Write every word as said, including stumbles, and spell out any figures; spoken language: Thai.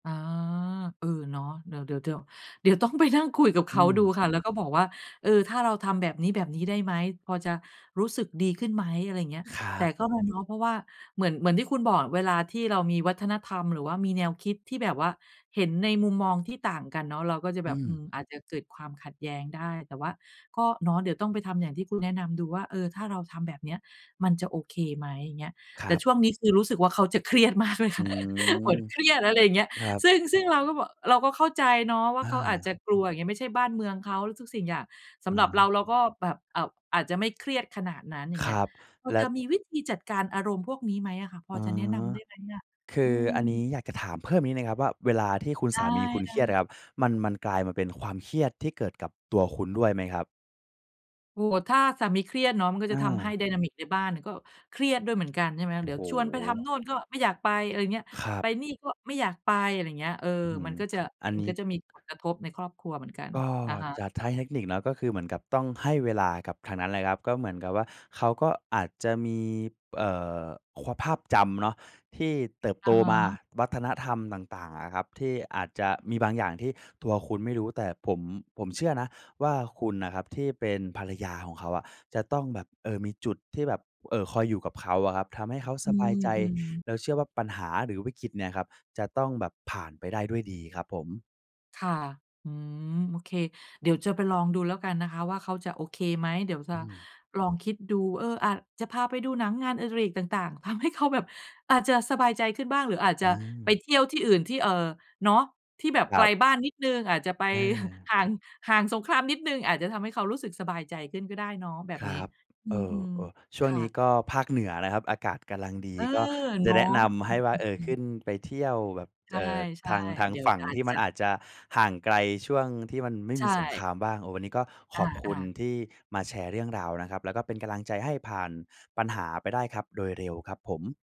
อา เออ เนาะ เดี๋ยว ๆ ๆ เดี๋ยวต้องไปนั่งคุยกับเอขืาดูม ค่ะ แล้วก็บอกว่า เออ ถ้าเราทำ แบบนี้ แบบนี้ได้ไหม พอจะรู้สึกดีขึ้นไหม อะไรอย่างเงี้ย ครแัต่บ ก็มาเนาะ เพราะว่า เหมือน เหมือนที่คุณบอก เวลาที่เรามีวัฒนธรรม หรือว่ามีแนวคิดที่แบบว่า เห็นในมุมมองที่ต่างกันเนาะ เราก็จะอแบืบ อืม ม อาจจะเกิดความขัดแย้งได้ แต่ว่าก็เนาะ เดี๋ยวต้องไปทำอย่างที่ คุณแนะนำดูว่า เออ ถ้าเราทำแบบเนี้ย มันจะโอเคไหม อย่างเงี้ย คแรต่ับ ช่วงนี้คือรู้สึกว่า เขาจะเครียดมากเลยอคื่ะ ม เหมือนเครียด อะไรอย่างเงี้ย ครับ ซึ่ง ซึ่งเราก็บอก เราก็เข้าใจเนาะว่าอเขาอาจจา ะกลัว อย่างเงี้ย ไม่ใช่บ้านเมืองเขา ทุกสิ่งอย่าง สอำหรับเรา า เราก็แบบอาจ อาจจะไม่เครียดขนาดนั้น อย่คางเงรี้ย ับ พอแลจะ ะมีวิธีจัดการอารมณ์พวกนี้ไหมอะคะ พออ๋อ จะแนะนำได้ไหมเนี่ย? คือืออันนี้ม อยากจะถามเพิ่มอีกนิดหนึ่งครับว่า เวลาที่คุณไดส้ ามีคุณเครียดอๆ ะครับ มัน มันกลายมาเป็นความเครียดที่เกิดกับตัวคุณด้วยไหมครับ? โอ้โฮ ถ้าสามีเครียดเนาะ มันก็อจะทำให้ า ไดนามิก ในบ้านน่ะ ก็เครียดด้วยเหมือนกัน ใช่ไหม โอเ้ดี๋โยวชวนไปทำโฮ! น่น ก็ไม่อยากไป อะไรอย่างเงี้ย ครัไปบ นี่ ก็ไม่อยากไป อะไรอย่างเงี้ย เออ อื้อฮืมัอ นก็จะ อัมนันนีก้ ็จะมีผลกระทบในครอบครัวเหมือนกัน ก็อะฮะ จะใช้เทคนิคเนาะ ก็คือเหมือนกับต้องให้เวลากับทางนั้นแหละครับ ก็เหมือนกับว่า เขาก็อาจจะมี เอ่อ คว ภาพจำเนาะ ที่เติบอโตะฮมาะ วัฒนธรรมต่าง ๆ อะครับ ที่อาจจะมีบางอย่างที่ตัวคุณไม่รู้ แต่ ผม ผมเชื่อนะว่า คุณน่ะครับที่เป็นภรรยาของเขาอะ จะต้องแบบ เออ มีจุดที่แบบ เอ่อ คอยอยู่กับเขาอะครับ ทำให้เขาอสืบายใจ ม ๆ แล้วเชื่อว่าปัญหา หรือวิกฤตเนี่ยครับ จะต้องแบบผ่านไปได้ด้วยดีครับผม ค่ะ อืม โอเค เดี๋ยวจะไปลองดูแล้วกันนะคะว่า เขาจะโอเคไหม เดี๋ยวจอะืม ลองคิดดู เออ อาจจะพาไปดูหนัง งานอดิเรกต่าง ๆ ทำให้เขาแบบ อาจจะสบายใจขึ้นบ้าง หรืออาจจอะไปา เที่ยวที่อื่นที่ เอ่อ เนาะ ที่แบบคไรกัลบ บ้านนิดหนึ่ง อาจจะไป อา ห่าง ห่างสงครามนิดหนึ่ง อาจจะทำให้เขารู้สึกสบายใจขึ้นก็ได้เนาะแบคบรนี้ ับ อืเอ่อ ม เอ่อ ชๆ ่ควง่นี้ะ ก็ภาคเหนือนะครับอากาศกะลัง ดี เออ ก็จเนะาแะ นะนำใอหื้ว่า เออ ขม ึๆ ้ๆ นไปเที่ยวแบบ ใเอ่อ ช่ ทาง ทาๆ งเดี๋ยฝวั่งอาทจี่มจันะ อาจจะห่างไกลช่วงที่มันไม่ใชมีสงค่ รามบ้าง โอ้ วันนี้ก็ขออบคุณา ๆ ที่มาแชร์เรื่องราวนะครับ แล้วก็เป็นกำลังใจให้ผ่านปัญหาไปได้ครับ โดยเร็วครับผม